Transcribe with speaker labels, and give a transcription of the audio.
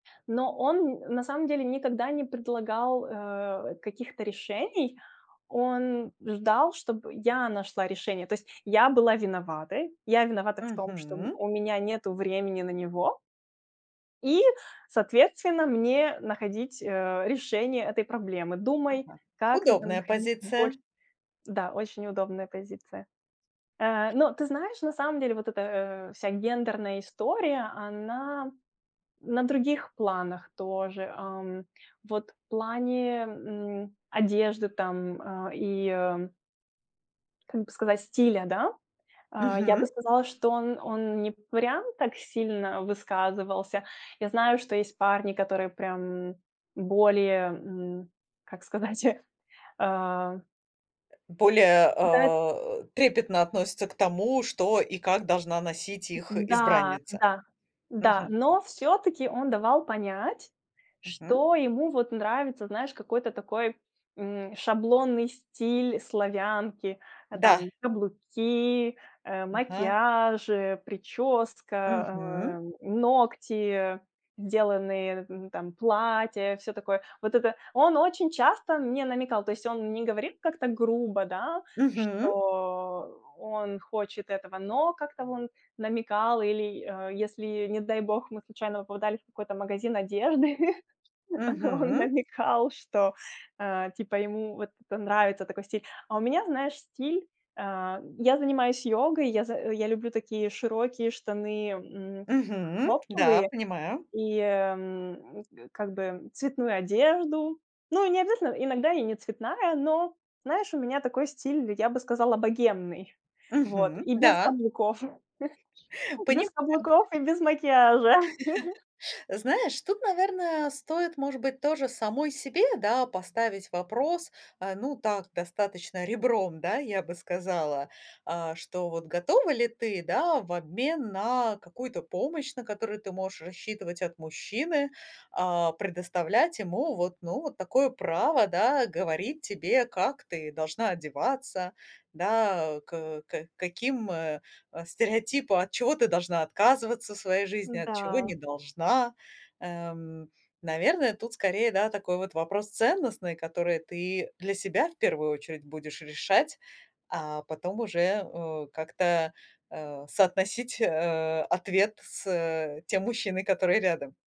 Speaker 1: Но он, м, на самом деле никогда не предлагал, э, каких-то решений. Он ждал, чтобы я нашла решение. То есть я была виноватой, я виновата в том, что у м
Speaker 2: Мгм.
Speaker 1: у меня нету времени на него. И, соответственно, мне находить, э, решение этой проблемы.
Speaker 2: Ага.
Speaker 1: Думай, как
Speaker 2: Удобная
Speaker 1: находить больше.
Speaker 2: позиция.
Speaker 1: Да, очень удобная позиция. Э, но ты знаешь, на самом деле вот эта, а, вся гендерная история, она на других планах тоже, ам. Вот в плане, м, одежды там, а, и, а, м. Как бы сказать, стиля, да? А я бы
Speaker 2: Мгм.
Speaker 1: сказала, что он он не прям так сильно высказывался. Я знаю, что есть парни, которые прям более, м, как сказать, а
Speaker 2: Более,
Speaker 1: Да, эт
Speaker 2: а, э, трепетно относятся к тому, что и как должна носить их
Speaker 1: да,
Speaker 2: избранница.
Speaker 1: да, да,
Speaker 2: Мгм.
Speaker 1: но всё-таки он давал понять,
Speaker 2: Мгм.
Speaker 1: что ему вот нравится, знаешь, какой-то такой, м, шаблонный стиль славянки. А
Speaker 2: Да.
Speaker 1: там каблуки, э,
Speaker 2: Ага.
Speaker 1: макияжи, прическа,
Speaker 2: Мгм.
Speaker 1: а, м, ногти, сделанные, м, там, платья, всё такое. Вот это он очень часто мне намекал. То есть он не говорил как-то грубо, да,
Speaker 2: Мгм.
Speaker 1: что он хочет этого, но как-то он намекал или, э, если, не дай бог, мы случайно попадали в какой-то магазин одежды, он
Speaker 2: Мгм.
Speaker 1: намекал, что, а, типа, ему вот это нравится, такой стиль. А у меня, знаешь, стиль, а я занимаюсь йогой, я за я люблю такие широкие штаны, м,
Speaker 2: Мгм. Да,
Speaker 1: хлопковые,
Speaker 2: понимаю.
Speaker 1: и, м, э, как бы, м, цветную одежду. Ну, и не обязательно, иногда и не цветная, но, знаешь, у меня такой стиль, я бы сказала, богемный. Вот,
Speaker 2: Мгм.
Speaker 1: и без
Speaker 2: Да.
Speaker 1: каблуков,
Speaker 2: Понимаю.
Speaker 1: без каблуков без каблуков и без макияжа.
Speaker 2: Знаешь, тут, наверное, стоит, может быть, тоже самой себе, да, поставить вопрос. А, ну так, достаточно ребром, да, я бы сказала, а что, вот готова ли ты, да, в обмен на какую-то помощь, на которую ты можешь рассчитывать от мужчины, а, предоставлять ему вот, ну, вот такое право, да, говорить тебе, как ты должна одеваться, да, э, к э, к каким, э, э, стереотипа, от чего ты должна отказываться в своей жизни, от чего
Speaker 1: Да.
Speaker 2: не должна. Эм, наверное, тут скорее, да, такой вот вопрос ценностный, который ты для себя в первую очередь будешь решать, а потом уже, э, как-то, а, соотносить, э, ответ с, э, тем мужчиной, который рядом.